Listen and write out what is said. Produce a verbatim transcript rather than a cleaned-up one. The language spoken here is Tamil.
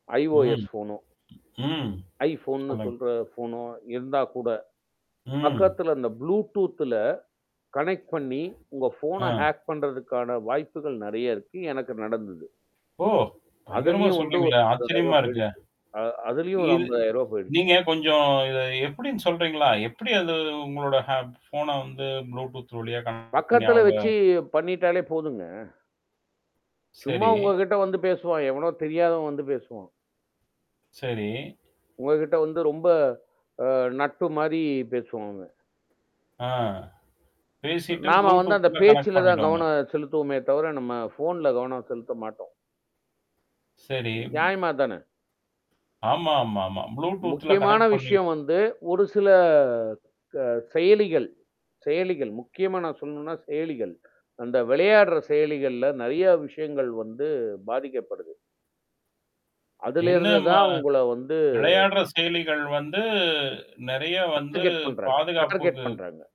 ம், IOS ஃபோன்னும். ம், iPhoneன்னு சொல்லுங்க. சொல்ற ஃபோனு இருந்தா கூட, ம். பக்கத்துல அந்த ப்ளூடூத்ல கனெக்ட் பண்ணீ, உங்க ஆ. ஃபோன ஹேக் பண்றதுக்கான வாய்ப்புகள் நெறையா இருக்கு. எனக்கு நடந்துது. ஓ! பயங்கரமா அதலயும் வந்து ஒரு சொல்றீங்களே! ஐம்பதாயிரம் ஆச்சரியமா ரூபாய் இருக்கே! போயிடுச்சு. ஆ அதுலயும் ஒரு இது ஐம்பதாயிரம் ரூபாய் போயிடுச்சு. நீங்க கொஞ்சம் இத எப்படின்னு சொல்றீங்களா? எப்படி அது உங்களோட ஹேப் ஃபோன வந்து ப்ளூடூத் வழியா கனெக்ட் பண்ணீ பக்கத்துல அவுங்க வெச்சு, பண்ணீட்டாலே போதுங்க. சும்மா, சரி. உங்க கிட்ட வந்து பேசுவான், எவனோ தெரியாதவன் வந்து பேசுவான். சரி. உங்ககிட்ட வந்து ரொம்ப, ஆ, நட்பு மாரி பேசுவாங்க. ஆ, பேசிட்டு நாம வந்து, அந்த ப்ளூடூத்ல கனெக்ட் பேச்சுல தான் பண்ணீடுவாங்க. கவனம் செலுத்துவோமே தவிர, நம்ம ஃபோன்ல கவனம் செலுத்த மாட்டோம். சரி, ம் நியாயமா அதுதானே! ஆமா, ஆமா, ஆமா. ப்ளூடூத்ல முக்கியமான கனெக்ட் பண்ணீட் விஷயம் வந்து, ஒரு சில க செயலிகள் செயலிகள் முக்கியமா நான் சொல்லணும்ன்னா, செயலிகள். அந்த விளையாடுற செயலிகள்ல நெறையா விஷயங்கள் வந்து பாதிக்கப்படுது. அதிலேருந்து என்னாம்மா? தான் உங்கள வந்து விளையாடுற செயலிகள் வந்து நெறையா வந்து டார்கெட் பண்றாங்க. டார்கெட் பாதுகாப்புக்கு பண்றாங்க.